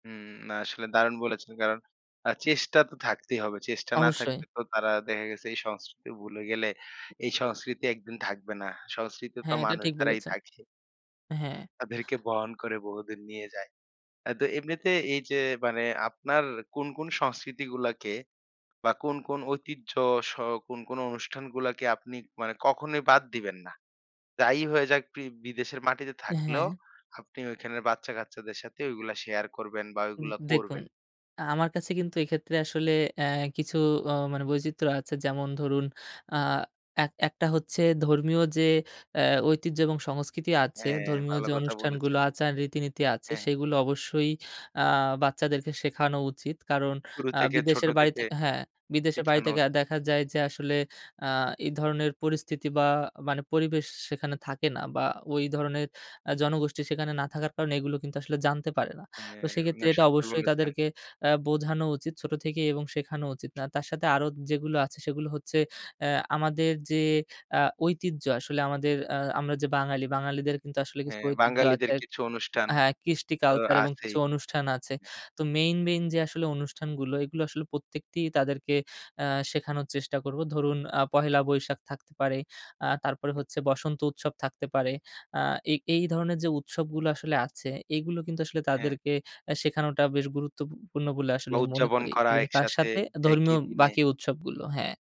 হুম, আসলে দারুণ বলেছেন, কারণ আ চেষ্টা তো থাকতেই হবে। চেষ্টা না অবশ্যই। থাকলে তো তারা দেখা গেছে এই সংস্কৃতি ভুলে গেলে এই সংস্কৃতি একদিন থাকবে না। সংস্কৃতি তো হ্যাঁ, এটা মানুষ ঠিক দ্বারাই বলেছেন। থাকে। হ্যাঁ। তাদেরকে বহন করে বহুদিন নিয়ে যায়। অ্যা তো এমনিতে এই যে মানে আপনার কোন, কোন সংস্কৃতিগুলাকে বা কোন, কোন ঐতিহ্য স কোন, কোন অনুষ্ঠানগুলাকে আপনি মানে কখনোই বাদ দিবেন না? যাই হয়ে যাক প্রি বিদেশের মাটিতে থাকলেও হ্যাঁ। আপনি ঐখানের বাচ্চা-কাচ্চাদের সাথে ওইগুলা শেয়ার করবেন বা উম ওইগুলা দেখুন করবেন? আ আমার কাছে কিন্তু এক্ষেত্রে আসলে অ্যা কিছু অ মানে বৈচিত্র্য আছে যেমন ধরুন, আ এক একটা হচ্ছে ধর্মীয় যে অ্যা ঐতিহ্য এবং সংস্কৃতি আছে, হ্যাঁ, ধর্মীয় ভালো যে কথা অনুষ্ঠানগুলো বলেছেন। আচার, রীতিনীতি আছে হ্যাঁ। সেগুলো অবশ্যই আ বাচ্চাদেরকে শেখানো উচিত। কারণ শুরু আ থেকে ছোট বিদেশের বাড়িতে থেকে হ্যাঁ, বিদেশের বাড়ি সেখানো থেকে উচিত। দেখা যায় যে আসলে আ এই ধরনের পরিস্থিতি বা মানে পরিবেশ সেখানে থাকে না বা ওই ধরনের আ জনগোষ্ঠী সেখানে না থাকার কারণে এগুলো কিন্তু আসলে জানতে পারে না। তো হ্যাঁ, সেক্ষেত্রে না এটা সত্যি অবশ্যই বলেছেন। তাদেরকে অ্যা বোঝানো উচিত ছোট থেকেই এবং শেখানো উচিত। না তার সাথে আরো যেগুলো আছে সেগুলো হচ্ছে অ্যা আমাদের যে আ ঐতিহ্য আসলে আমাদের অ্যা আমাদের যে বাঙালি বাঙালিদের কিন্তু আসলে কিছু হ্যাঁ, ঐতিহ্য বাঙালিদের আছে কিছু অনুষ্ঠান হ্যাঁ, কৃষ্টি তো কালচার এবং কিছু আছেই। অনুষ্ঠান আছে। অ্যা তো মেইন, মেইন যে আসলে অনুষ্ঠানগুলো এগুলো আসলে প্রত্যেকটি তাদেরকে অ্যা শেখানোর চেষ্টা করবো। ধরুন আ পহেলা বৈশাখ থাকতে পারে, আ তারপরে অ্যা হচ্ছে বসন্ত উৎসব থাকতে পারে। আ এই, এই ধরনের যে উৎসবগুলো আসলে আছে, এগুলো কিন্তু আসলে হ্যাঁ। তাদেরকে অ্যা শেখানোটা বেশ গুরুত্বপু পূর্ণ বলে আসলে বা আমি মনে উদযাপন করি করা এবং তার একসাথে সাথে একই ধর্মীয় দিনে। বাকি উৎসবগুলো হ্যাঁ।